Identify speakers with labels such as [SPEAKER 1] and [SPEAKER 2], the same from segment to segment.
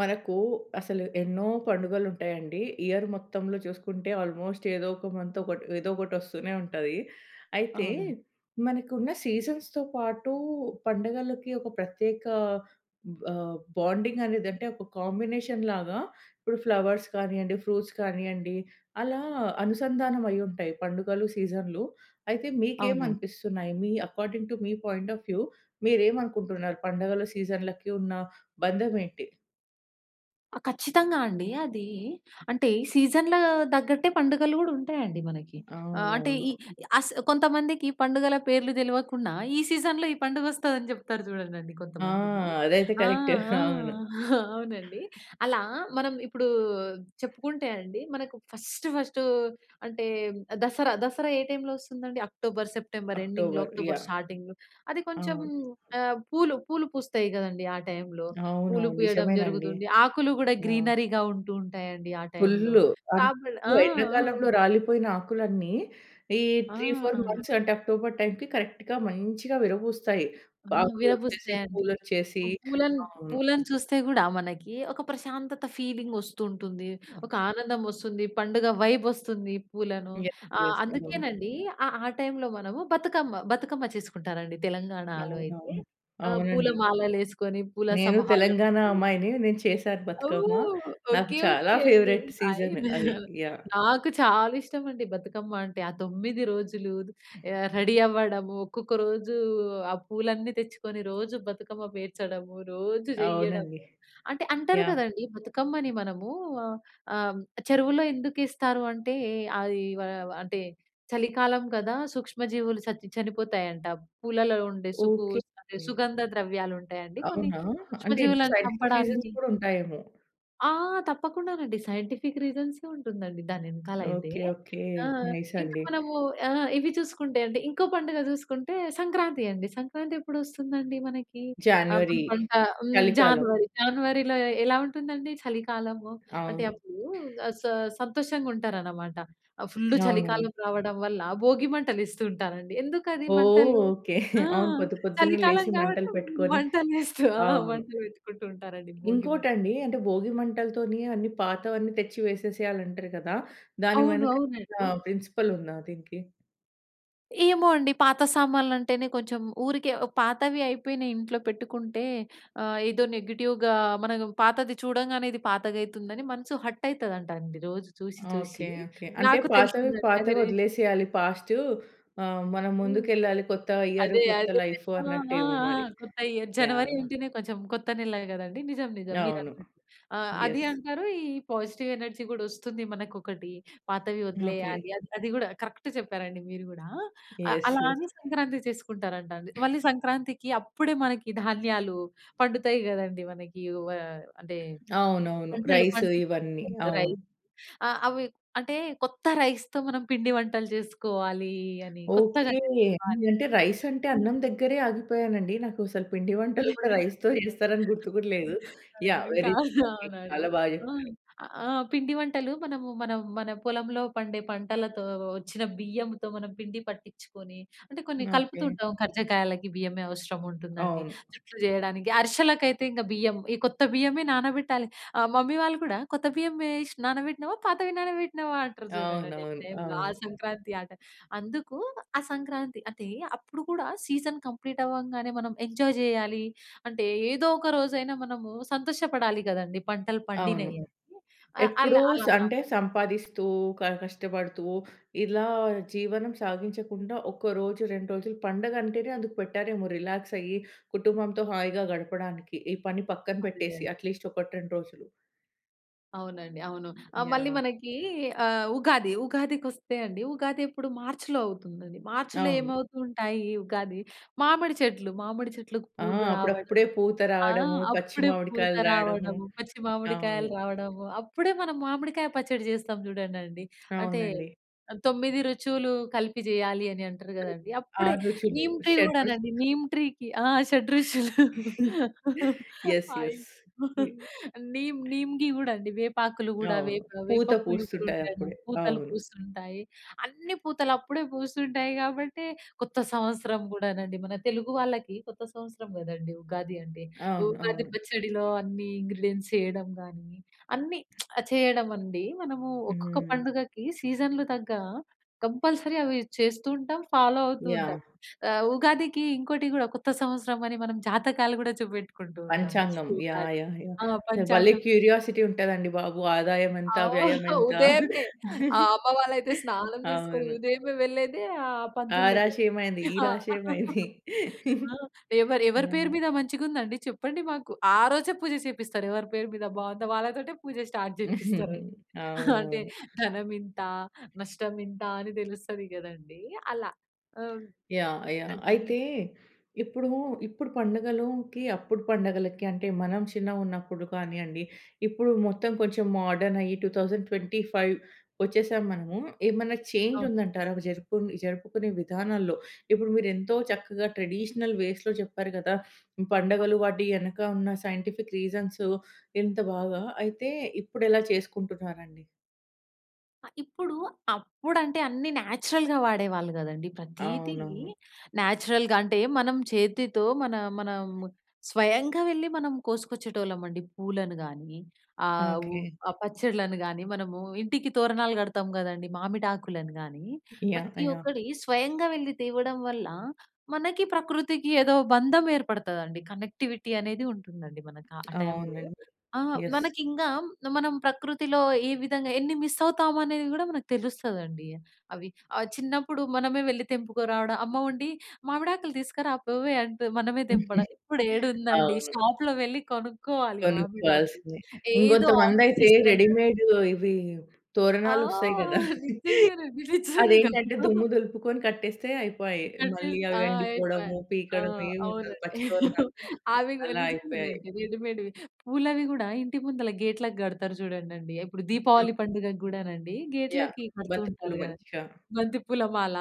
[SPEAKER 1] మనకు అసలు ఎన్నో పండుగలు ఉంటాయండి. ఇయర్ మొత్తంలో చూసుకుంటే ఆల్మోస్ట్ ఏదో ఒక మంత్ ఒక ఏదో ఒకటి ఒస్తూనే ఉంటది. అయితే
[SPEAKER 2] అవును.
[SPEAKER 1] మనకున్న సీజన్స్‌తో పాటు పండగలకి ఒక ప్రత్యేక ఆహ్, బాండింగ్ అనేది అంటే ఒక కాంబినేషన్‌ లాగా ఇప్పుడు ఫ్లవర్స్ కానివ్వండి, ఫ్రూట్స్ కానివ్వండి అలా అనుసంధానం అయి ఉంటాయి. పండుగలు సీజన్‌లు. అయితే మీకేం
[SPEAKER 2] అవునండి.
[SPEAKER 1] అనిపిస్తున్నాయి? మీ అకార్డింగ్ టు మీ పాయింట్ ఆఎఫ్ వ్యూ మీరు ఏమనుకుంటున్నారు? పండుగల సీజన్లకి ఉన్న బంధం ఏంటి?
[SPEAKER 2] ఆ! ఖచ్చితంగా అండి. అది అంటే సీజన్ల తగ్గట్టే పండుగలు కూడా ఉంటాయి అండి మనకి. ఆహ్, అంటే
[SPEAKER 1] అవునవును.
[SPEAKER 2] అస్ కొంతమందికి పండుగల పేర్లు తెలవకుండా ఈ సీజన్‌లో ఈ పండుగ వస్తుంది అని చెప్తారు చూడండండి
[SPEAKER 1] ఆ!
[SPEAKER 2] కొంతమంది.
[SPEAKER 1] అదైతే
[SPEAKER 2] ఆ!
[SPEAKER 1] కరెక్టే!
[SPEAKER 2] ఆ!
[SPEAKER 1] అవును.
[SPEAKER 2] అవునండి. అలా మనం ఇప్పుడు చెప్పుకుంటే అండి. మనకు ఫస్ట్ ఫస్ట్ అంటే 'దసరా', దసరా ఏ టైమ్‌లో వస్తుందండి అక్టోబర్, సెప్టెంబర్ ఎండింగ్‌లో
[SPEAKER 1] అక్టోబర్
[SPEAKER 2] అక్టోబర్
[SPEAKER 1] యాహ్!
[SPEAKER 2] స్టార్టింగ్‌లో. అది కొంచెం
[SPEAKER 1] అవును.
[SPEAKER 2] ఆహ్, పూలు పూలు పూస్తాయి కదండీ ఆ టైమ్‌లో. పూలు
[SPEAKER 1] అవునవును.
[SPEAKER 2] పూయడం
[SPEAKER 1] నిజమేనండి.
[SPEAKER 2] జరుగుతుంది. ఆకులు కూడా
[SPEAKER 1] ఆ!
[SPEAKER 2] గ్రీనరీగా ఉంటూ ఉంటాయి అండి. ఆ టైమ్‌లో.
[SPEAKER 1] ఫుల్ అంటే
[SPEAKER 2] కాబల్ ఆ! ఆ!
[SPEAKER 1] ఎండాకాలంలో రాలిపోయిన ఆకులన్నీ ఈ
[SPEAKER 2] ఆ!
[SPEAKER 1] 3, 4
[SPEAKER 2] ఆ!
[SPEAKER 1] మంత్స్ అంటే అక్టోబర్ టైమ్‌కి కరెక్ట్‌గా మంచిగా విరబూస్తాయి.
[SPEAKER 2] ఆ!
[SPEAKER 1] ఆకులు వచ్చేసి
[SPEAKER 2] విరబూస్తాయండి.
[SPEAKER 1] పూలు వచ్చేసి
[SPEAKER 2] పూలను,
[SPEAKER 1] అవును.
[SPEAKER 2] పూలను చూస్తే కూడా మనకి ఒక ప్రశాంతత ఫీలింగ్ వస్తూ ఉంటుంది. ఒక ఆనందం వస్తుంది. పండుగ వైబ్ వస్తుంది. పూలను
[SPEAKER 1] యె
[SPEAKER 2] ఆహ్,
[SPEAKER 1] యెస్. [unintelligible]
[SPEAKER 2] అందుకేనండి ఆహ్, ఆ టైమ్‌లో మనము బతుకమ్మ బతుకమ్మ చేసుకుంటారండి తెలంగాణాలో అయితే.
[SPEAKER 1] అవునవును,
[SPEAKER 2] ఆహ్,
[SPEAKER 1] అవునండి.
[SPEAKER 2] పూలమాలలు వేసుకొని పూల
[SPEAKER 1] నేను
[SPEAKER 2] సమూహాలను
[SPEAKER 1] తెలంగాణా అమ్మాయిని. నేను చేశాను బతుకమ్మ.
[SPEAKER 2] ఓహ్!
[SPEAKER 1] నాకు
[SPEAKER 2] ఓకె.
[SPEAKER 1] చాలా
[SPEAKER 2] ఓకె. అండి.
[SPEAKER 1] Favourite season
[SPEAKER 2] fine.
[SPEAKER 1] అది. యాహ్!
[SPEAKER 2] నాకు చాలా ఇష్టం అండి బతుకమ్మ అంటే. ఆ 9 రోజులు ఆహ్, రెడీ అవ్వడము. ఒక్కొక్క రోజు ఆ పూలన్నీ తెచ్చుకొని రోజు బతుకమ్మ పేర్చడము. రోజు చెయ్యడము.
[SPEAKER 1] అవునండి.
[SPEAKER 2] అంటే అంటారు
[SPEAKER 1] యాహ్!
[SPEAKER 2] కదండీ బతుకమ్మని మనము ఆహ్, చెరువులో హ్మ్. ఆహ్, ఎందుకు ఇస్తారు అంటే అది ఆహ్, అంటే చలికాలం కదా! సూక్ష్మ జీవులు చచి చనిపోతాయంట. పూలలో ఉండే సుకు
[SPEAKER 1] ఓకె అండి.
[SPEAKER 2] సుగంధ ద్రవ్యాలు ఉంటాయండి కొన్ని
[SPEAKER 1] అవునా! అంటే ఇంత
[SPEAKER 2] సూక్ష్మజీవులను
[SPEAKER 1] సైంటిఫిక్ రీజన్స్
[SPEAKER 2] చంపడానికి.
[SPEAKER 1] కూడా ఉంటాయేమో?
[SPEAKER 2] ఆ! తప్పకుండానండి. సైంటిఫిక్ రీజన్సే ఉంటుందండి. దానెనకాల అయితే.
[SPEAKER 1] ఓకే. ఓకే.
[SPEAKER 2] ఆ!
[SPEAKER 1] నైస్
[SPEAKER 2] ఇంకా
[SPEAKER 1] అండి.
[SPEAKER 2] మనము ఆహ్, ఇవి చూసుకుంటే అండి ఇంకో పండుగ చూసుకుంటే సంక్రాంతి అండి. సంక్రాంతి ఎప్పుడు వస్తుందండి మనకి? ఆ! మన
[SPEAKER 1] జాన్యువెరీ.
[SPEAKER 2] పంట హ్మ్.
[SPEAKER 1] చలికాలం.
[SPEAKER 2] జాన్వరి. జాన్వరిలో ఎ ఎలా ఉంటుందండి? చలికాలము, అంటే
[SPEAKER 1] అవును.
[SPEAKER 2] అప్పుడు ఆహ్, స సంతోషంగా ఉంటారనమాట. ఆ! ఫుల్
[SPEAKER 1] అవునండి.
[SPEAKER 2] చలికాలం రావడం వల్ల భోగి మంటలు ఏస్తూంటారండి. ఎందుకది
[SPEAKER 1] ఓహ్!
[SPEAKER 2] మంటలు?
[SPEAKER 1] ఓకే.
[SPEAKER 2] ఆ!
[SPEAKER 1] అవును పొద్దు పొద్దున్నే
[SPEAKER 2] చలికాలం
[SPEAKER 1] లేచి
[SPEAKER 2] కాబట్టి
[SPEAKER 1] మంటలు పెట్టుకొని
[SPEAKER 2] మంటలు వేస్తూ ఆ!
[SPEAKER 1] అవును.
[SPEAKER 2] మంట పెట్టుకుంటూ ఉంటారండి భోగి
[SPEAKER 1] ఇంకోటి
[SPEAKER 2] మంట.
[SPEAKER 1] అండి. అంటే భోగి మంటలతోనే అన్ని పాతవి అన్ని తెచ్చి వేసేసేయాలి అంటరు కదా! దాని
[SPEAKER 2] అవును.
[SPEAKER 1] వెనక ఆ
[SPEAKER 2] అవునండి.
[SPEAKER 1] ప్రిన్సిపల్ ఉందా దీనికి?
[SPEAKER 2] ఏమో అండి. పాత సామాన్లు అంటేనే కొంచెం ఊరికే పాతవి అయిపోయినియి. ఇంట్లో పెట్టుకుంటే ఆహ్, ఏదో నెగెటివ్‌గా మనకు పాతది చూడంగానే ఇది పాతగ అయితుందని మనసు హర్ట్ అయితదంట అండి. రోజు చూసి చూసి
[SPEAKER 1] ఓకే. ఓకే. అంటే
[SPEAKER 2] నాకు
[SPEAKER 1] పాతవి
[SPEAKER 2] తెలిసిందది
[SPEAKER 1] పాతవి
[SPEAKER 2] అదిరే
[SPEAKER 1] వదిలేసేయాలి. పాస్ట్ ఆహ్, మనం
[SPEAKER 2] హ్మ్. రోజు
[SPEAKER 1] ముందుకెళ్ళాలి కొత్త ఇయర్
[SPEAKER 2] అదే
[SPEAKER 1] కొత్త
[SPEAKER 2] అదే
[SPEAKER 1] లైఫ్
[SPEAKER 2] ఆ! ఆ!
[SPEAKER 1] అన్నట్టేమో
[SPEAKER 2] ఆ!
[SPEAKER 1] మరి.
[SPEAKER 2] కొత్త ఇయర్ జనవరి
[SPEAKER 1] యాహ్!
[SPEAKER 2] అంటేనే కొంచెం కొత్త నెల గదండీ. నిజం! నిజం! మీరు
[SPEAKER 1] అవును.
[SPEAKER 2] అన్నట్టు. ఆహ్, అదీ
[SPEAKER 1] యస్.
[SPEAKER 2] అంటారు. ఈ పాజిటివ్ ఎనర్జీ గూడా వస్తుంది. మనకు ఒకటి పాతవి
[SPEAKER 1] ఓకే.
[SPEAKER 2] వదిలేయాలి. అది అది గూడా కరెక్ట్ చెప్పారండి మీరు గూడా! అ
[SPEAKER 1] యస్.
[SPEAKER 2] అలా
[SPEAKER 1] యస్.
[SPEAKER 2] అని సంక్రాంతి చేసుకుంటారంట అండి. మళ్ళీ సంక్రాంతికి అప్పుడే మనకి ధాన్యాలు పండుతాయి గదండీ. మనకి వోయా అంటే
[SPEAKER 1] అవునవును.
[SPEAKER 2] పంటలు
[SPEAKER 1] రైస్
[SPEAKER 2] పంటలు
[SPEAKER 1] ఇవన్నీ
[SPEAKER 2] పండుతాయి
[SPEAKER 1] అవును.
[SPEAKER 2] రైస్. ఆ! అవి అంటే కొత్త రైస్‌తో మనం పిండి వంటలు చేసుకోవాలీ అని కొత్తగా
[SPEAKER 1] ఓకే.
[SPEAKER 2] చేసుకోవాలి.
[SPEAKER 1] అంటే రైస్ అంటే
[SPEAKER 2] హ్మ్.
[SPEAKER 1] అన్నం దగ్గరే ఆగిపోయాను అండి. నాకు అసలు పిండి వంటలు కూడా రైస్‌తో చేస్తారని గుర్తు కూడా లేదు.
[SPEAKER 2] ఆ!
[SPEAKER 1] యాహ్!
[SPEAKER 2] ఇంకా
[SPEAKER 1] వెరీ గుడ్
[SPEAKER 2] అవును
[SPEAKER 1] అండి
[SPEAKER 2] అవునండి.
[SPEAKER 1] చాలా బాగా
[SPEAKER 2] ఆ!
[SPEAKER 1] చెప్పారు.
[SPEAKER 2] ఆహ్, పిండి వంటలు మనము మనం మన పొలంలో పండే పంటలతో వచ్చిన బియ్యంతో మనం పిండి పట్టించుకొని అంటే కొన్ని కలుపుతు
[SPEAKER 1] ఓకే.
[SPEAKER 2] ఉంటాం కర్జకాయలకి బియ్యమే అవసరం ఉంటుందండి.
[SPEAKER 1] అవును.
[SPEAKER 2] జుట్లు చేయడానికి, అరిశాలకైతే ఇంక బియ్యం ఈ కొత్త బియ్యమే నానబెట్టాలి. ఆ! మమ్మీ వాళ్ళు కూడా "కొత్త బియ్యమే వేసి నానబెట్టినవా? పాతవి నానబెట్టినావా?", అంటారు చూడండండి.
[SPEAKER 1] అవునవును.
[SPEAKER 2] అంటే ఆ
[SPEAKER 1] అవును.
[SPEAKER 2] సంక్రాంతి ఆట అందుకు ఆ సంక్రాంతి అదే అప్పుడు కూడా సీజన్ కంప్లీట్ అవ్వంగానే మనం ఎంజాయ్ చేయాలి. అంటే ఏదో ఒక రోజైనా మనము సంతోష‌పడాలి గదండీ పంటలు పండినియి
[SPEAKER 1] అవును.
[SPEAKER 2] అని ఆహ్, ఆళ్ళు
[SPEAKER 1] ఎప్పుడూ‌స్
[SPEAKER 2] అలా
[SPEAKER 1] అంటే
[SPEAKER 2] [unintelligible]
[SPEAKER 1] సంపాదిస్తూ క కష్టపడుతూ ఇలా జీవనం సాగించకుండా ఒక రోజు 2 రోజులు పండగ అంటేనే అందుకు పెట్టారేమో రిలాక్స్ అయ్యి కుటుంబంతో హాయిగా గడపడానికి. ఈ పని పక్కన
[SPEAKER 2] అదే.
[SPEAKER 1] పెట్టేసి అట్‌లీస్ట్ 1, 2 రోజులు.
[SPEAKER 2] అవునండవును. ఆ మళ్ళీ
[SPEAKER 1] యాహ్!
[SPEAKER 2] మనకి ఆహ్, ఉగాది. ఉగాదికి వస్తే అండి ఉగాది ఎప్పుడు మార్చ్‌లో అవుతుందది. మార్చ్‌లో
[SPEAKER 1] అవును.
[SPEAKER 2] ఏమవుతుంటాయి ఉగాది మామిడి చెట్లు మామిడి చెట్లకు
[SPEAKER 1] ఆ!
[SPEAKER 2] పూలు రావడం,
[SPEAKER 1] అప్పుడప్పుడే పూత
[SPEAKER 2] ఆహ్,
[SPEAKER 1] రావడము. పచ్చి
[SPEAKER 2] అప్పుడే పూత
[SPEAKER 1] మామిడికాయలు రాయడము.
[SPEAKER 2] రావడం, పచ్చి మామిడికాయలు
[SPEAKER 1] అవును.
[SPEAKER 2] రావడము. అప్పుడే మనం మామిడికాయ పచ్చడి చేస్తాం చూడండండి. అంటే
[SPEAKER 1] అవునండి.
[SPEAKER 2] 9 రుచులు కలిపి జేయాలి అని అంటారు
[SPEAKER 1] హ్మ్.
[SPEAKER 2] కదండీ! అప్పుడే
[SPEAKER 1] 6 రుచులు.
[SPEAKER 2] నీమ్ ట్రీ
[SPEAKER 1] షడ్రుచ్
[SPEAKER 2] కూడానండి. నీమ్ ట్రీకి ఆహ్, షడ్రుచులు
[SPEAKER 1] యెస్.
[SPEAKER 2] ఆయ్
[SPEAKER 1] యెస్. హ్మ్.
[SPEAKER 2] నీమ్ నీమ్‌‌గి కూడా అండి. వేపాకులు కూడా
[SPEAKER 1] అవును.
[SPEAKER 2] వేప వేప
[SPEAKER 1] పూత
[SPEAKER 2] పూలు
[SPEAKER 1] పూస్తుంటాయి
[SPEAKER 2] కూడాను
[SPEAKER 1] అప్పుడే.
[SPEAKER 2] పూతలు
[SPEAKER 1] అవును.
[SPEAKER 2] పూస్తుంటాయి. అన్ని పూతలు అప్పుడే పూస్తుంటాయి కాబట్టే కొత్త సంవత్సరం కూడానండి, మన తెలుగు వాళ్ళకి కొత్త సంవత్సరం కదండీ! ఉగాది అంటే.
[SPEAKER 1] అవును.
[SPEAKER 2] ఉగాది
[SPEAKER 1] అవును.
[SPEAKER 2] పచ్చడిలో అన్ని ఇంగ్రీడియెంట్స్ చేయడం గాని అన్ని చేయడం అండి. మనము ఒక్కొక్క
[SPEAKER 1] హ్మ్.
[SPEAKER 2] పండుగకి సీజన్‌లు తగ్గా కంపల్సరీ అవి చేస్తూ ఉంటాం, ఫాలో అవుతూ ఉంటాం.
[SPEAKER 1] యాహ్!
[SPEAKER 2] ఆహ్, ఉగాదికి ఇంకోటి కూడా కొత్త సంవత్సరం అని మనం జాతకాలు కూడా చూపెట్టుకుంటూ ఉంటాం. నెక్స్ట్
[SPEAKER 1] పంచాంగం
[SPEAKER 2] ఉగాది
[SPEAKER 1] యాహ్! యాహ్! యాహ్!
[SPEAKER 2] ఆహ్,
[SPEAKER 1] అసలు బలే
[SPEAKER 2] పంచాంగం
[SPEAKER 1] క్యూరియాసిటీ ఉంటది అండి బాబు. ఆదాయం ఎంత? వ్యయం
[SPEAKER 2] అవును.
[SPEAKER 1] ఎంత?
[SPEAKER 2] ఉదయమే ఆ అమ్మ వాళ్ళు అయితే స్నానం చేసుకొని
[SPEAKER 1] అవును.
[SPEAKER 2] ఉదయమే వెళ్ళేదే ఆహ్,
[SPEAKER 1] ఆ
[SPEAKER 2] పంతులు దగ్గరికి.
[SPEAKER 1] రాశి ఏమైంది? ఈ
[SPEAKER 2] ఆహ్.
[SPEAKER 1] రాశి ఏమైంది?
[SPEAKER 2] ఎవరు ఎవరి పేరు
[SPEAKER 1] యాహ్!
[SPEAKER 2] మీద మంచిగా ఉందండి చెప్పండి మాకు. ఆరోజే పూజ చేపిస్తారు. ఎవరి పేరు మీద బాగుందా వాళ్ళతోటే పూజ స్టార్ట్ చేపిస్తారు. అంటే
[SPEAKER 1] అవునవును.
[SPEAKER 2] ధనం ఇంత. నష్టం ఇంత. అని తెలుస్తది కదండీ అలా. ఓహ్!
[SPEAKER 1] యాహ్! యాహ్!
[SPEAKER 2] అదే.
[SPEAKER 1] అయితే ఇప్పుడూ ఇప్పుడు పండగలుకి అప్పుడు పండగలకి అంటే మనం చిన్నగున్నప్పుడు కానివ్వండి ఇప్పుడు మొత్తం కొంచెం మోడర్న్ అయ్యి 2025 వచ్చేసాము మనము. ఏమైనా చేంజ్
[SPEAKER 2] అవును.
[SPEAKER 1] ఉందంటారా జరుపు జరుపుకునే విధానాల్లో. ఇప్పుడు మీరు ఎంతో చక్కగా ట్రెడిషనల్ వేస్‌లో చెప్పారు కదా! పండగలు వాటెనక ఉన్న సైంటిఫిక్ రీజన్సు ఎంత బాగా, అయితే ఇప్పుడు ఎలా చేసుకుంటున్నారండి?
[SPEAKER 2] ఆ! ఇప్పుడు అప్పుడు అంటే అన్ని నేచురల్‌గా వాడేవాళ్ళు కదండీ ప్రతీది
[SPEAKER 1] అవునవును.
[SPEAKER 2] నేచురల్‌గా అంటే మనం చేతితో మన మనం స్వయంగా వెళ్లి మనం కోసుకొచ్చేటోళ్ళం అండి పూలను గాని ఆహ్, వు
[SPEAKER 1] ఓకే.
[SPEAKER 2] ఆ పచ్చడ‌లను గాని, మనము ఇంటికి తోరణాలు కడతాం కదండీ మామిడాకులను గాని,
[SPEAKER 1] యాహ్!
[SPEAKER 2] ప్రతి
[SPEAKER 1] యాహ్!
[SPEAKER 2] ఒక్కటి స్వయంగా వెళ్లి తేవడం వల్ల మనకి ప్రకృతికి ఏదో బంధం ఏర్పడతదండి కనెక్టివిటీ అనేది ఉంటుందండి మనకి ఆ టైమ్‌లో.
[SPEAKER 1] అవునండి.
[SPEAKER 2] ఆహ్,
[SPEAKER 1] యెస్.
[SPEAKER 2] మనకి ఇంగా మనం ప్రకృతిలో ఏ విధంగా ఎన్ని మిస్ అవుతాము అనేది కూడా మనకు తెలుస్తదండి అవి ఆహ్, చిన్నప్పుడు మనమే వెళ్లి తెంపుకోరావడం, అమ్మ ఉండి "మామిడాకులు తీసుకురా పోవే" అంటూ మనమే తెంపడం, ఇప్పుడేడుందండి
[SPEAKER 1] అవును.
[SPEAKER 2] షాప్‌లో వెళ్లి కొనుక్కోవాలి మామిడాకులు
[SPEAKER 1] కొనుక్కోవాల్సినియి.
[SPEAKER 2] ఏదో
[SPEAKER 1] ఇంకొంతమంది అయితే
[SPEAKER 2] ఆర్టిఫిషియల్.
[SPEAKER 1] రెడీమేడ్ ఇవి
[SPEAKER 2] ఆ!
[SPEAKER 1] తోరణాలొస్తాయి కదా!
[SPEAKER 2] నిజంగానండి నిజంగా.
[SPEAKER 1] అదేంటంటే దుమ్ము దులుపుకొని కట్టేస్తే అయిపాయే. మళ్ళీ
[SPEAKER 2] కటేసి
[SPEAKER 1] అవి
[SPEAKER 2] ఆ! ఐపాయ్.
[SPEAKER 1] ఎండిపోవడము,
[SPEAKER 2] ఆ!
[SPEAKER 1] పీకడం ఏమి
[SPEAKER 2] అవునండి.
[SPEAKER 1] ఉండదు, పచ్చి తోరణాలు
[SPEAKER 2] అవి
[SPEAKER 1] అలా అయిపోయాయి.
[SPEAKER 2] నిజంగానండి రెడిమేడ్‌వి. పూలవి కూడా ఇంటి ముందల గేట్‌లకి కడతారు చూడండి. ఇప్పుడు దీపావళి పండుగకి కూడానండి
[SPEAKER 1] యాహ్!
[SPEAKER 2] గేట్‌లకి కడుతూ
[SPEAKER 1] బంతి పూలు
[SPEAKER 2] ఉంటారు కదా.
[SPEAKER 1] మంచిగా.
[SPEAKER 2] బంతి పూల మాల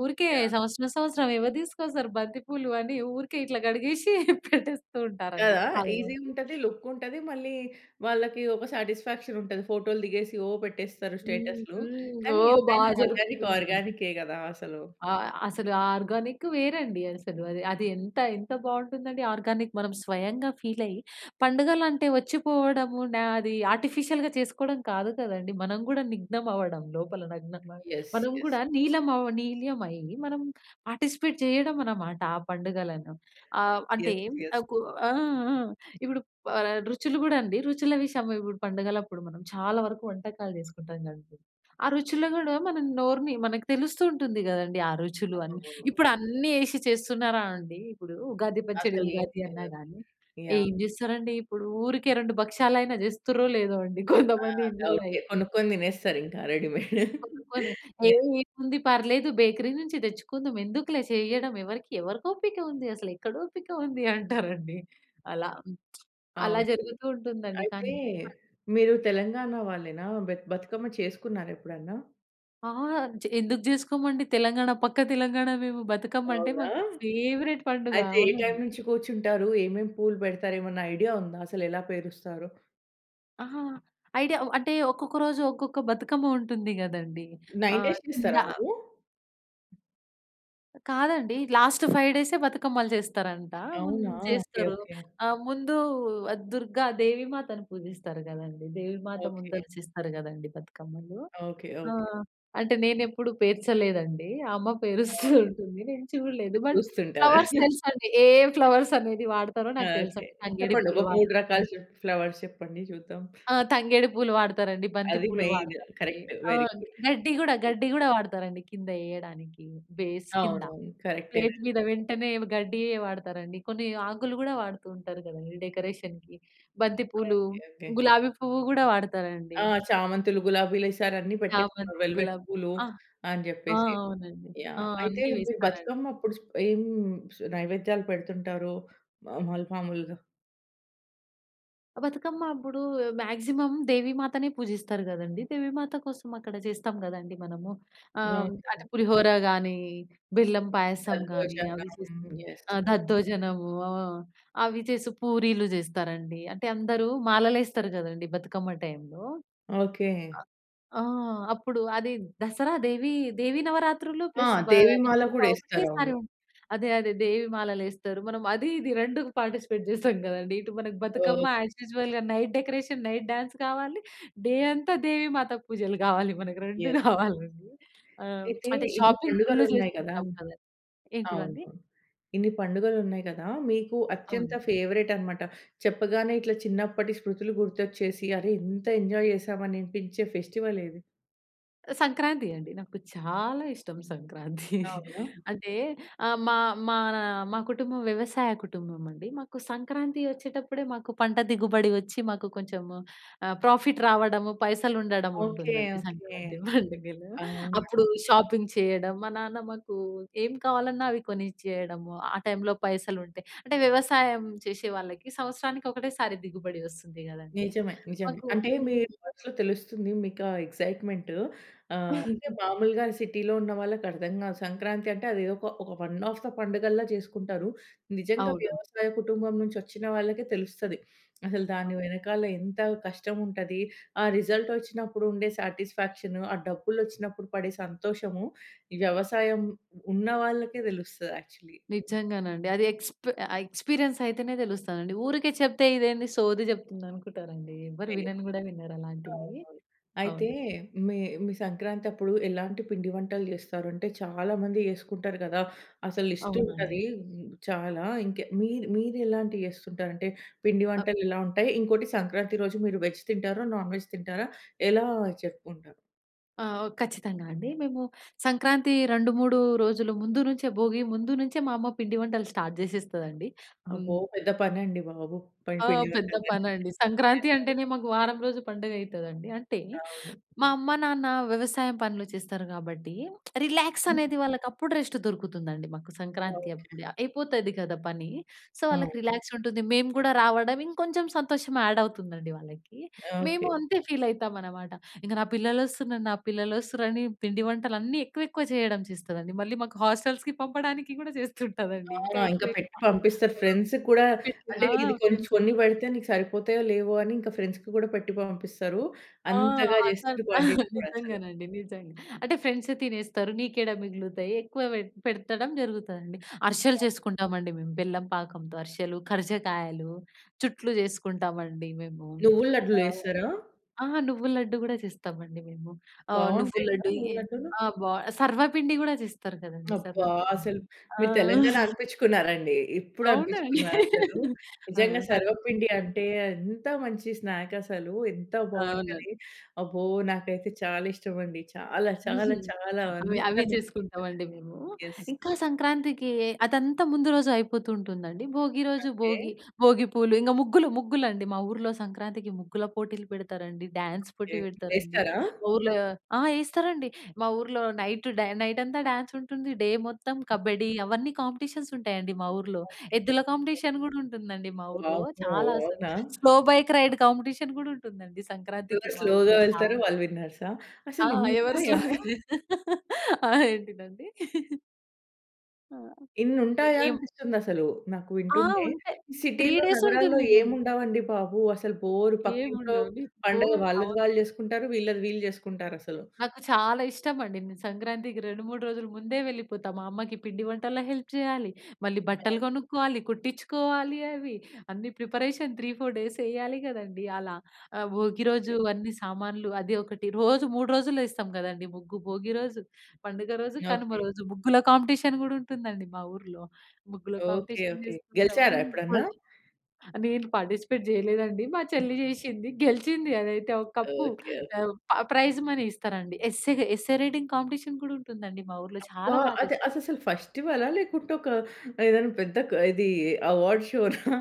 [SPEAKER 2] ఊరికే
[SPEAKER 1] యాహ్!
[SPEAKER 2] సంవత్సరం, సంవత్సరం ఎవరు తీసుకొస్తారు బంతి పూలు అని ఊరికే ఇట్లా కడిగేసి పెట్టేస్తూ ఉంటారండి
[SPEAKER 1] కదా!
[SPEAKER 2] చాలా
[SPEAKER 1] ఈసీ‌గా
[SPEAKER 2] మంది.
[SPEAKER 1] ఉంటది. లుక్ ఉంటది. మళ్ళీ వాళ్ళకి ఒక సాటిస్ఫాక్షన్ ఉంటది ఫోటో‌లు దిగేసి ఓ పెట్టేస్తారు
[SPEAKER 2] హ్మ్.
[SPEAKER 1] స్టేటస్‌లు.
[SPEAKER 2] హ్మ్.
[SPEAKER 1] కానీ
[SPEAKER 2] ఓహ్! బా
[SPEAKER 1] ఎంతైనా ఆర్గానిక్
[SPEAKER 2] జరుపుకున్నాం.
[SPEAKER 1] ఆర్గానికే కదా అసలు.
[SPEAKER 2] ఆ! అసలు ఆ ఆర్గానిక్ వేరండి అసలు. అది ఎంత, ఎంత బావుంటుందండి ఆర్గానిక్ మనం స్వయంగా ఫీల్ అయ్యి పండుగలు అంటే వచ్చిపోవడము న అది ఆర్టిఫిషియల్‌గా చేసుకోవడం కాదు కదండీ. మనం కూడా నిగ్నం అవ్వడం లోపల నగ్న న
[SPEAKER 1] యెస్,
[SPEAKER 2] మనం
[SPEAKER 1] యెస్.
[SPEAKER 2] కూడా నీలం అవ్వ నీల్యమై మనం పార్టిసిపేట్ చేయడం అన్నమాట ఆ పండుగలను. ఆహ్, అంటే
[SPEAKER 1] యెస్,
[SPEAKER 2] అ
[SPEAKER 1] యెస్.
[SPEAKER 2] కు ఆ! ఆ! ఇప్పుడు ఆహ్, రుచులు కూడా అండి రుచుల విషయము ఇప్పుడు పండగలప్పుడు మనం చాలా వరకు వంటకాలు చేసుకుంటాం కదండీ. ఆ రుచులు కూడా మన నోరుని మనకు తెలుస్తూ ఉంటుంది కదండీ ఆ రుచులు అని.
[SPEAKER 1] [unintelligible]
[SPEAKER 2] ఇప్పుడన్నీ ఎసి చేస్తున్నారా అండి! ఇప్పుడు ఉగాది పచ్చడి
[SPEAKER 1] అసలు
[SPEAKER 2] ఉగాది
[SPEAKER 1] ఏమి
[SPEAKER 2] అన్నా
[SPEAKER 1] లేదు.
[SPEAKER 2] గాని
[SPEAKER 1] యాహ్!
[SPEAKER 2] ఏం చేస్తారండి ఇప్పుడు ఊరికే 2 భక్ష్యాలైన చేస్తురో లేదో అండి
[SPEAKER 1] ఆ!
[SPEAKER 2] కొంతమంది ఇండ్లలో
[SPEAKER 1] ఓకే
[SPEAKER 2] అయితే.
[SPEAKER 1] కొనుక్కొని తినేస్తారు ఇంకా రెడీమేడ్.
[SPEAKER 2] [unintelligible] "ఎ
[SPEAKER 1] యాహ్!
[SPEAKER 2] ఏముంది పర్లేదు బేకరీ నుంచి తెచ్చుకుందాం ఎందుకులే చేయడం ఎవరికి, ఎవరికి ఓపిక ఉంది. అసలెక్కడ ఓపిక ఉంది" అంటారండి. అలా అలా
[SPEAKER 1] అవును.
[SPEAKER 2] జరుగుతూ ఉంటుందండి
[SPEAKER 1] అయితే
[SPEAKER 2] కానీ. [unintelligible]
[SPEAKER 1] మీరు తెలంగాణ వాళ్ళేనా? బె బతుకమ్మ చేసుకున్నారా ఎప్పుడన్నా?
[SPEAKER 2] ఆ! జ్ ఎందుకు చేసుకోమండి తెలంగాణ, పక్క తెలంగాణా మేము. బతకమ్మ అంటే
[SPEAKER 1] అవునా!
[SPEAKER 2] మాకు ఫేవరెట్ పండుగ
[SPEAKER 1] అయితే ఏ టైమ్
[SPEAKER 2] అవునండి.
[SPEAKER 1] నుంచి కూర్చుంటారు? ఏమేమి పూలు పెడతారు? ఏమన్నా ఐడియా ఉందా అసలు ఎలా పేరుస్తారు?
[SPEAKER 2] అహా! ఐడియా అంటే ఒక్కొక్క రోజు ఒక్కొక్క బతుకమ్మ ఉంటుంది కదండీ.
[SPEAKER 1] 9
[SPEAKER 2] ఆహ్,
[SPEAKER 1] డేస్
[SPEAKER 2] కింద
[SPEAKER 1] చేస్తారా మీరు?
[SPEAKER 2] కాదండి. లాస్ట్ 5 డేసే బతుకమ్మలు చేస్తారంట హ్మ్.
[SPEAKER 1] అవునా! ఓకె.
[SPEAKER 2] చేస్తారు.
[SPEAKER 1] ఓకె.
[SPEAKER 2] ఆహ్, ముందు దుర్గ దేవి మాతను పూజిస్తారు కదండీ. దేవి మాత
[SPEAKER 1] ఓకె.
[SPEAKER 2] ముందల చేస్తారు కదండీ బతుకమ్మలు.
[SPEAKER 1] ఓకె. ఓకె.
[SPEAKER 2] ఆహ్, అంటే నేను ఎప్పుడు పేర్చలేదండి. అమ్మ పేరుస్తూ
[SPEAKER 1] అవును.
[SPEAKER 2] ఉంటుంది. నేను చూడలేదు బట్
[SPEAKER 1] చూస్తుంటారు.
[SPEAKER 2] ఫ్లవర్స్ తెలుసండి ఏ ఫ్లవర్స్ అనేది వాడతారో నాకు
[SPEAKER 1] ఓకె.
[SPEAKER 2] తెలుసండి. తంగేడి
[SPEAKER 1] చెప్పండి. ఒక
[SPEAKER 2] పూలు
[SPEAKER 1] మూడు
[SPEAKER 2] వాడుతారు
[SPEAKER 1] రకాల
[SPEAKER 2] బంతి
[SPEAKER 1] చెప్ ఫ్లవర్స్ చెప్పండి చూద్దాం.
[SPEAKER 2] ఆ! తంగేడి పూలు వాడతారండి. బంతి
[SPEAKER 1] అది
[SPEAKER 2] పూలు
[SPEAKER 1] మెయిన్
[SPEAKER 2] వాడతారండి.
[SPEAKER 1] కరెక్ట్. వెరీ
[SPEAKER 2] ఆహ్,
[SPEAKER 1] గుడ్.
[SPEAKER 2] గడ్డి కూడా గడ్డి కూడా వాడతారండి కింద ఎయడానికి బేస్ కింద.
[SPEAKER 1] అవునవును. కరెక్టే
[SPEAKER 2] ప్లేట్
[SPEAKER 1] నండి.
[SPEAKER 2] మీద వెంటనే గడ్డి వాడతారండి. కొన్ని ఆకులు కూడా వాడుతూ ఉంటారు కదండీ. డెకరేషన్‌కి. బంతి పూలు,
[SPEAKER 1] ఓకె, ఓకె.
[SPEAKER 2] గులాబీ పువ్వు కూడా వాడతారండి.
[SPEAKER 1] ఆ! చామంతులు, గులాబీలు వేసారు అన్ని పెట్టేసుకున్నారు
[SPEAKER 2] చామంతి,
[SPEAKER 1] వెల్వెట్
[SPEAKER 2] గులాబీ
[SPEAKER 1] పూలు
[SPEAKER 2] ఆ!
[SPEAKER 1] అని
[SPEAKER 2] ఆ!
[SPEAKER 1] చెప్పేసి.
[SPEAKER 2] అవునండి. ఆ!
[SPEAKER 1] యాహ్! అయితే
[SPEAKER 2] అన్నీ
[SPEAKER 1] మీరు
[SPEAKER 2] వేస్తారండి.
[SPEAKER 1] బతుకమ్మ అప్పుడు స్ ఏం నైవేద్యాలు పెడుతుంటారు మాముల్ మాములుగా?
[SPEAKER 2] బతుకమ్మ అప్పుడూ మాగ్జిమమ్ దేవీమాతనే పూజిస్తారు గదండీ. దేవీమాత కోసం అక్కడ చేస్తాం గదండీ మనము. ఆహ్, అంటే,
[SPEAKER 1] ఓకే.
[SPEAKER 2] పులిహోరా గానీ, బెల్లం పాయసం గానీ,
[SPEAKER 1] దద్దోజనం.
[SPEAKER 2] అవి చేస్తం.
[SPEAKER 1] యెస్
[SPEAKER 2] ఆహ్,
[SPEAKER 1] య
[SPEAKER 2] దద్దోజనము. ఆ! అవి చేసి పూరీలు చేస్తారండి. అంటే, అందరూ మాలలేస్తరు గదండీ బతుకమ్మ టైమ్‌లో.
[SPEAKER 1] ఓకే.
[SPEAKER 2] ఆ! అప్పుడూ, అది దసరా దేవీ దేవీ నవరాత్రులు
[SPEAKER 1] ఆ!
[SPEAKER 2] ప్లస్ బా
[SPEAKER 1] దేవీ మాల
[SPEAKER 2] బతుకమ్మ
[SPEAKER 1] గూడేస్తారు.
[SPEAKER 2] ఒకటేసారి
[SPEAKER 1] అవును.
[SPEAKER 2] ఉన్ అదే అదే దేవీ మాలలేస్తరు. మనం అదీ ఇదీ రెండుకు పార్టిసిపేట్ చేస్తాం గదండీ. ఇటు మనకు బతుకమ్మ
[SPEAKER 1] ఓకె.
[SPEAKER 2] యాజ్ యూజువల్‌గా నైట్ డెకరేషన్, నైట్ డాన్స్ కావాలి. డే అంతా దేవీ మాత పూజలు గావాలి. మనకు రెండూ
[SPEAKER 1] యాహ్!
[SPEAKER 2] గావాలండి. ఆహ్,
[SPEAKER 1] అయితే,
[SPEAKER 2] అంటే,
[SPEAKER 1] ఇన్ని
[SPEAKER 2] షాపింగ్ ఫుల్లు
[SPEAKER 1] పండుగలున్నాయి కదా!
[SPEAKER 2] జేసుకుంటాం కదండి! ఏంటివండి?
[SPEAKER 1] అవును. ఇన్ని పండుగలున్నాయి కదా! మీకు అత్యంత
[SPEAKER 2] అవును.
[SPEAKER 1] ఫేవరేట్టనమాట. చెప్పగానే ఇట్లా చిన్నప్పటి స్మృతులు గుర్తొచ్చేసి, అరె ఇంత ఎంజాయ్ చేశామా అనిపించే ఫెస్టివలేది?
[SPEAKER 2] సంక్రాంతి అండి. నాకు చాలా ఇష్టం సంక్రాంతి.
[SPEAKER 1] అవునా?
[SPEAKER 2] అంటే, ఆహ్, మా మానా మా కుటుంబం వ్యవసాయ కుటుంబం అండి. మాకు సంక్రాంతి వచ్చేటప్పుడే, మాకు పంట దిగుబడి వచ్చి మాకు కొంచెము ఆహ్, ప్రాఫిట్ రావడము,
[SPEAKER 1] ఓకే.
[SPEAKER 2] పైసలుండడముంటుందండి
[SPEAKER 1] ఓకే.
[SPEAKER 2] సంక్రాంతి పండుగలో.
[SPEAKER 1] అవునా!
[SPEAKER 2] అప్పుడూ షాపింగ్ చెయ్యడం. మా నాన్న మాకూ ఏం కావాలన్నా అవి కొనిచ్చేయడము, ఆ టైమ్‌లో పైసలుంటే. అంటే, వ్యవసాయం చేషే వాళ్ళకి సంవత్సరానికి ఒకటేసారి దిగుబడి వస్తుంది గదండీ.
[SPEAKER 1] నిజమే. నిజమే.
[SPEAKER 2] మాకు
[SPEAKER 1] అంటే, మీ
[SPEAKER 2] హ్మ్.
[SPEAKER 1] మనసులో తెలుస్తుంది, మీకు ఆ ఎక్సైట్‌మెంట్. ఆహ్, అంటే, మాములుగా సిటీ‌లో ఉన్న వాళ్ళకి అర్థం గాదు. సంక్రాంతి అంటే అదేదొక ఒక వన్ ఆఫ్ ద పండుగల్లా చేసుకుంటారు. నిజంగా
[SPEAKER 2] అవును.
[SPEAKER 1] వ్యవసాయ కుటుంబం నుంచి వచ్చిన వాళ్ళకే తెలుస్తది. అసలు
[SPEAKER 2] అ!
[SPEAKER 1] దాని వెనకాల ఎంత కష్టం ఉంటది, ఆ రిజల్టొచ్చినప్పుడు ఉండే సాటిస్ఫాక్షను, ఆ డబ్బులొచ్చినప్పుడు పడే సంతోషము, వ్యవసాయం ఉన్న వాళ్ళకే తెలుస్తది యాక్చల్లీ.
[SPEAKER 2] నిజ్జంగానండి. అది ఎక్స్‌ప్ ఆహ్, ఎక్స్‌పీరియన్స్ అయితేనే తెలుస్తదండి. ఊరికే చెప్తే, ఇదేంది సోది చెప్తుంది అనుకుటారండి. ఎవ్వరు
[SPEAKER 1] లేదు.
[SPEAKER 2] వినను గూడా వినరు అలాంటివీ.
[SPEAKER 1] అవునవును. అయితే,
[SPEAKER 2] అవును.
[SPEAKER 1] మీ మీ సంక్రాంతప్పుడు ఎలాంటి పిండి వంటలు చేస్తారు? అంటే, చాలా మంది యేసుకుంటారు గదా! అసలు
[SPEAKER 2] అవునండి.
[SPEAKER 1] లిస్టుంటదీ హ్మ్, చాలా. ఇంక మీరు మీరు ఎలాంటియ్యేస్తుంటారు. అంటే, పిండి
[SPEAKER 2] అ
[SPEAKER 1] వంటలు ఎలా ఉంటయి? ఇంకోటి సంక్రాంతి రోజు మీరు వెజ్ తింటారా? నాన్ వెజ్ తింటారా? ఎలా చెప్పుకుంటారు?
[SPEAKER 2] ఆ! ఖచ్చితంగా అండి. మేము సంక్రాంతి 2, 3 రోజులు ముందు నుంచే, భోగి ముందు నుంచే మా అమ్మ పిండి వంటలు స్టార్ట్ చేసేస్తదండి.
[SPEAKER 1] అబ్బో!
[SPEAKER 2] హ్మ్.
[SPEAKER 1] పెద్ద పనండి బాబు. ప
[SPEAKER 2] ఆ!
[SPEAKER 1] పిండి
[SPEAKER 2] పెద్ద
[SPEAKER 1] వంటలు
[SPEAKER 2] పనండి. సంక్రాంతి అంటేనే
[SPEAKER 1] [unintelligible]
[SPEAKER 2] మాకు వారం రోజు పండుగ అయితుందండి. అంటే
[SPEAKER 1] అవును.
[SPEAKER 2] మా అమ్మ నాన్న వ్యవసాయం పనులు చేస్తారు కాబట్టి రిలాక్స్ అనేది, వాళ్ళకి అప్పుడు రెస్ట్ దొరుకుతుందండి. మాకు సంక్రాంతి
[SPEAKER 1] ఓకె.
[SPEAKER 2] అప్పుడే అయిపోతది కదా పని. సో
[SPEAKER 1] అవును.
[SPEAKER 2] వాళ్ళకి రిలాక్స్ ఉంటుంది. మేము కూడా రావడం, ఇంకొంచెం సంతోషం యాడ్ అవుతుందండి వాళ్ళకి. మేము
[SPEAKER 1] ఓకె.
[SPEAKER 2] అంతే ఫీల్ అవుతాం అనమాట. ఇంక "నా పిల్లలొస్తున్నారు, నా పిల్లలొస్తున్నారు" అని పిండి వంటలన్నీ ఎక్కువ ఎక్కువ చేయడం చేస్తాదండి. మళ్ళీ మాకు హోస్టెల్స్‌కి పంపడానికి కూడా చేస్తుంటాదండి. ఇంకా
[SPEAKER 1] ఆ! ఇంక
[SPEAKER 2] ఎక్కువ
[SPEAKER 1] పెట్టి
[SPEAKER 2] ఎక్కువ.
[SPEAKER 1] పంపిస్తారు. ఫ్రెండ్స్‌కి కూడా,
[SPEAKER 2] [unintelligible]
[SPEAKER 1] అంటే
[SPEAKER 2] ఆ!
[SPEAKER 1] ఇది కొంచ్
[SPEAKER 2] ఫ్రెండ్స్
[SPEAKER 1] కొన్ని
[SPEAKER 2] ఉంటారు.
[SPEAKER 1] పెడితే "నీకు సరిపోతాయో లేవో" అని ఇక ఫ్రెండ్స్‌కి కూడా పెట్టి పంపిస్తారు.
[SPEAKER 2] ఆ!
[SPEAKER 1] అంతగా
[SPEAKER 2] అసలు
[SPEAKER 1] చేస్తారు క్వాంటిటీ కూడా అసలు.
[SPEAKER 2] నిజంగానండి, నిజంగా. అంటే ఫ్రెండ్స్ తినేస్తారు నీకేడ మిగులుతాయి ఎక్కువ పె పెట్టడం జరుగుతుందండి. అరిశెలు చేసుకుంటామండి మేము, బెల్లం పాకంతో అరిశెలు, ఖర్జకాయలు. చుట్లు చేసుకుంటామండి మేము.
[SPEAKER 1] నువ్వుల లడ్డులు
[SPEAKER 2] ఆహ్,
[SPEAKER 1] వేస్తారా?
[SPEAKER 2] ఆ! నువ్వుల లడ్డు కూడా చేస్తామండి మేము. ఆహ్, నువ్వుల
[SPEAKER 1] బాగుంటాయి కదా!
[SPEAKER 2] లడ్డు.
[SPEAKER 1] నువ్వుల లడ్డులు.
[SPEAKER 2] ఆ! బా సర్వపిండి కూడా చేస్తారు కదండీ!
[SPEAKER 1] అబ్బా!
[SPEAKER 2] సర్వపిండి.
[SPEAKER 1] అసలు,
[SPEAKER 2] ఆ!
[SPEAKER 1] మీరు తెలంగాణా అనిపించుకున్నారండి. ఇప్పుడు
[SPEAKER 2] అవునా!
[SPEAKER 1] అనిపించుకున్నారు అసలు.
[SPEAKER 2] ఆ!
[SPEAKER 1] నిజంగా సర్వపిండి
[SPEAKER 2] సర్వపిండి.
[SPEAKER 1] అంటే ఎంత మంచి స్నాక్ అసలు. ఎంత
[SPEAKER 2] అవునండి.
[SPEAKER 1] బాగుంటది. అబ్బో! నాకైతే చాలా ఇష్టం అండి. చాలా చాలా చాలా
[SPEAKER 2] అవి అవి
[SPEAKER 1] [unintelligible]
[SPEAKER 2] చేసుకుంటాం అండి మేము.
[SPEAKER 1] యెస్.
[SPEAKER 2] ఇంకా సంక్రాంతికి అదంతా ముందు రోజు అయిపోతుంటుందండి. భోగి రోజు,
[SPEAKER 1] ఓకె.
[SPEAKER 2] భోగి భోగి పూలు, ఇంకా ముగ్గులు ముగ్గులండి. మా ఊర్లో సంక్రాంతికి ముగ్గుల పోటీలు పెడతారండి, డాన్స్
[SPEAKER 1] ఓకె.
[SPEAKER 2] పోటీ పెడతారండి.
[SPEAKER 1] వేస్తారా?
[SPEAKER 2] మా ఊర్లో ఆ! వేస్తారండి. మా ఊర్లో నైట్ డ్యా నైట్ అంతా డాన్స్ ఉంటుంది. డే మొత్తం కబడ్డీ అవన్నీ కాంపిటీషన్స్ ఉంటాయండి మా ఊర్లో.
[SPEAKER 1] ఓకే,
[SPEAKER 2] ఎద్దుల
[SPEAKER 1] ఓకే.
[SPEAKER 2] కాంపిటీషన్ కూడా ఉంటుందండి మా ఊర్లో.
[SPEAKER 1] వామ్మో!
[SPEAKER 2] చాలా
[SPEAKER 1] అవునా?
[SPEAKER 2] స్లో బైక్ రైడ్ కాంపిటీషన్ కూడా ఉంటుందండి సంక్రాంతికి
[SPEAKER 1] ఎవరు
[SPEAKER 2] మా
[SPEAKER 1] స్లోగా
[SPEAKER 2] ఊర్లో
[SPEAKER 1] వెళ్తారో,
[SPEAKER 2] చాలా.
[SPEAKER 1] వాళ్ళు విన్నర్సా?
[SPEAKER 2] ఆ!
[SPEAKER 1] అసలు ఇన్ని
[SPEAKER 2] ఎవరు
[SPEAKER 1] ఉంటాయా?
[SPEAKER 2] స్లోగా ఆహ్, ఏంటిదండి? ఆ!
[SPEAKER 1] ఇన్ని
[SPEAKER 2] ఎ
[SPEAKER 1] ఉంటాయా
[SPEAKER 2] ఏమ్
[SPEAKER 1] అనిపిస్తుంది అసలు నాకు
[SPEAKER 2] ఆ!
[SPEAKER 1] వింటుంటే.
[SPEAKER 2] ఉంటాయి. 3
[SPEAKER 1] సిటీలో,
[SPEAKER 2] డేస్
[SPEAKER 1] నగరాల్లో
[SPEAKER 2] ఉంటుంది
[SPEAKER 1] ఏమి
[SPEAKER 2] గదా!
[SPEAKER 1] ఉండవండి బాబు. అసలు బోర్
[SPEAKER 2] ఏముండవు
[SPEAKER 1] పక్కింట్లో
[SPEAKER 2] [unintelligible]
[SPEAKER 1] పండగ వాళ్ళది
[SPEAKER 2] అవునండి.
[SPEAKER 1] వాళ్ళు చేసుకుంటారు. వీళ్ళది వీళ్ళు చేసుకుంటారు అసలు.
[SPEAKER 2] నాకు చాలా ఇష్టమండి. నేను సంక్రాంతికి 2, 3 రోజుల ముందే వెళ్ళిపోతా. మా అమ్మకి పిండి వంటల్లో హెల్ప్ చెయ్యాలి. మళ్ళీ బట్టలు
[SPEAKER 1] అవును.
[SPEAKER 2] కొనుక్కోవాలి, కుట్టిచ్చుకోవాలి అవి. అన్నీ ప్రిపరేషన్ 3, 4 డేస్ ఎయ్యాలి కదండీ అలా. ఆహ్, భోగి
[SPEAKER 1] ఎస్
[SPEAKER 2] రోజు
[SPEAKER 1] ఎస్.
[SPEAKER 2] అన్ని సామాన్లు అది ఒకటి. రోజు 3 రోజులు ఏస్తాం కదండీ ముగ్గు. భోగి రోజు, పండుగ రోజు, కనుమ
[SPEAKER 1] ఓకె.
[SPEAKER 2] రోజు. ముగ్గుల కాంపిటీషన్ గూడా ఉంటుందండి మా ఊరులో. ముగ్గుల
[SPEAKER 1] ఓకె.
[SPEAKER 2] Competition
[SPEAKER 1] okay.
[SPEAKER 2] చేసుకుంటాం.
[SPEAKER 1] గెలిచారా ఎప్పుడన్నా?
[SPEAKER 2] [unintelligible] నేను పార్టిసిపేట్ చెయ్యలేదండి. మా చెల్లి చేశింది, గెలిచింది, అదైతే ఒక కప్పు.
[SPEAKER 1] Okay, okay.
[SPEAKER 2] ఆహ్, ప ప్రైజ్ మనీ ఇస్తరండి. ఎస్సేగ ఎస్సే రైటింగ్ కాంపిటీషన్ కూడా ఉంటుంది అండి మా ఊర్లో
[SPEAKER 1] అబ్బా!
[SPEAKER 2] చాలా బా చేస్
[SPEAKER 1] అద్ అససలు ఫెస్టివలా? లేకుంటే ఒకా ఏదన్నా పెద్ద క ఇదీ అవార్డ్ షోనా?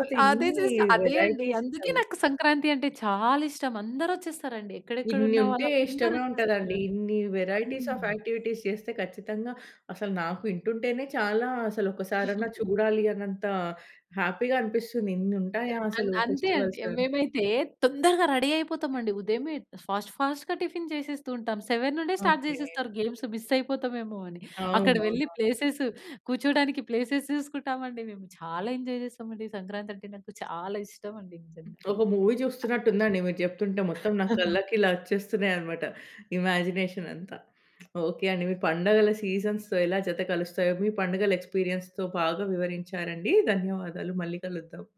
[SPEAKER 2] అల్ అదే
[SPEAKER 1] ఇన్నీ
[SPEAKER 2] చేస్త అదే అండి.
[SPEAKER 1] వేరైటీస్
[SPEAKER 2] అందుకే
[SPEAKER 1] అసలు.
[SPEAKER 2] నాకు సంక్రాంతి అంటే చాలా ఇష్టం. అందరొచ్చేస్తారండి. ఎక్కడెక్కడ
[SPEAKER 1] ఇన్ని
[SPEAKER 2] ఉన్న
[SPEAKER 1] ఉంటే
[SPEAKER 2] వాళ్ళు
[SPEAKER 1] ఇష్టమే ఉంటదండి.
[SPEAKER 2] అందరొచ్చేస్తారు.
[SPEAKER 1] ఇన్ని వేరైటీస్ ఆఫ్
[SPEAKER 2] హ్మ్.
[SPEAKER 1] యాక్టివిటీస్ చేస్తే ఖచ్చితంగా అసలు నాకు వింటుంటేనే చాలా అసలు ఒకసారన్నా చూడాలి అన్నంతా హ్యాపీగా అనిపిస్తుంది. ఇన్ని
[SPEAKER 2] ఆహ్,
[SPEAKER 1] ఉంటాయా అసలూ
[SPEAKER 2] అంత్ అంతే అండి.
[SPEAKER 1] ఫెస్టివల్స్‌లో అని.
[SPEAKER 2] మేమైతే తొందరగా రెడీ అయిపోతాం అండి. ఉదయమే ఫాస్ట్ ఫాస్ట్‌గా టిఫిన్ చేసేస్తూ ఉంటాం. 7 నుండే స్టార్ట్
[SPEAKER 1] ఓకె.
[SPEAKER 2] చేసేస్తారు గేమ్స్. మిస్ అయిపోతామేమో అని అక్కడ వెళ్ళి
[SPEAKER 1] అవునవునవును.
[SPEAKER 2] ప్లేసెస్ కూర్చోడానికి ప్లేసెస్ చూసుకుంటాం అండి. మేము చాలా ఎంజాయ్ చేస్తాం అండి. సంక్రాంతి అంటే నాకు చాలా ఇష్టం అండి నిజంగా.
[SPEAKER 1] ఒక మూవీ చూస్తున్నట్టుందండి. మీరు చెప్తుంటే మొత్తం నా కళ్ళకి ఇలా వచ్చేస్తున్నాయి అనమాట. ఇమాజినేషన్ అంతా. ఓకె అండి. మీ పండగల సీజన్స్‌తో ఎలా జత కలుస్తాయో, మీ పండగల ఎక్స్‌పీరియన్స్‌తో బాగా వివరించారండీ. ధన్యవాదాలు. మళ్ళీ కలుద్దాం.